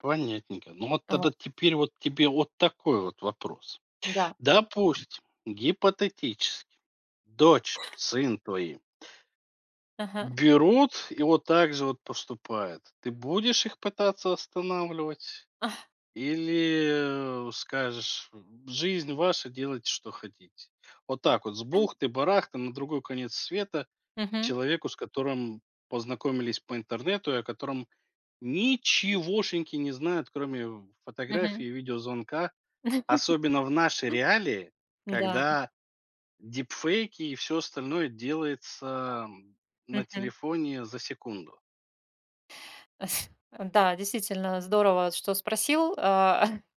Понятненько, но вот Ау. тогда, теперь вот тебе от такой вот вопрос: Да. допустим, гипотетически, дочь, сын твои Ага. берут и вот так же вот поступают. Ты будешь их пытаться останавливать? Ах. Или, э, скажешь: "Жизнь ваша, делайте, что хотите"? Вот так вот, с бухты-барахты, на другой конец света, Мгм. человеку, с которым познакомились по интернету, и о котором ничегошеньки не знают, кроме фотографии, Мгм. видеозвонка, особенно в наши реалии, Да. когда дипфейки, и всё остальное делается на Мгм. телефоне за секунду. Да, действительно здорово, что спросил. Э,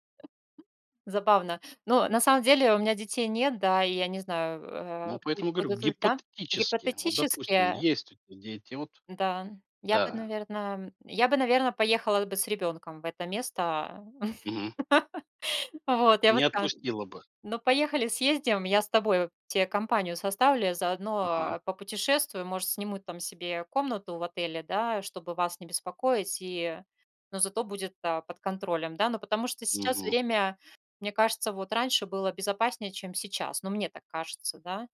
забавно. Но на самом деле, у меня детей нет, да и я не знаю, Ну э, поэтому говорю: будут ли, да гипотетически. Вот допустим, Гипотетически есть у тебя дети вот да, я бы, Да наверно я бы, наверно, поехала бы с ребенком в это место. Мгм. А, вот, я бы Не сказала: отпустила бы? "Ну, поехали, съездим. Я с тобою, те компанию составлю, я Ага. заодно попутешествую. Может, сниму там себе комнату в отеле, да, чтобы вас не беспокоить." И, ну, зато будет, э, под контролем, да. Ну, потому что сейчас Мгм. время мне кажется, вот раньше было безопаснее, чем сейчас. Ну, мне так кажется, да.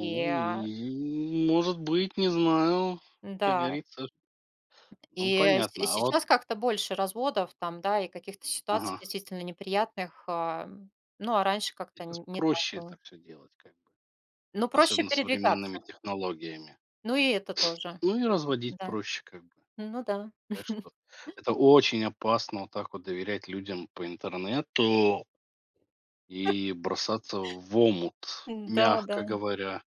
И, а и, может быть, не знаю, как Н-да. говорится Ну И, э, с понятно. А вот сейчас как-то больше разводов там, да, и каких-то ситуаций Ага. действительно неприятных. Э, ну а раньше как-то Сейчас н не так проще это было. всё делать, как бы, Но проще особенно передвигаться. современными технологиями, Ну, и это тоже. ну и разводить Н-да. проще как бы. Ну да. Так что это очень опасно, вот так вот доверять людям по интернету и бросаться в омут, М, да-да. мягко говоря.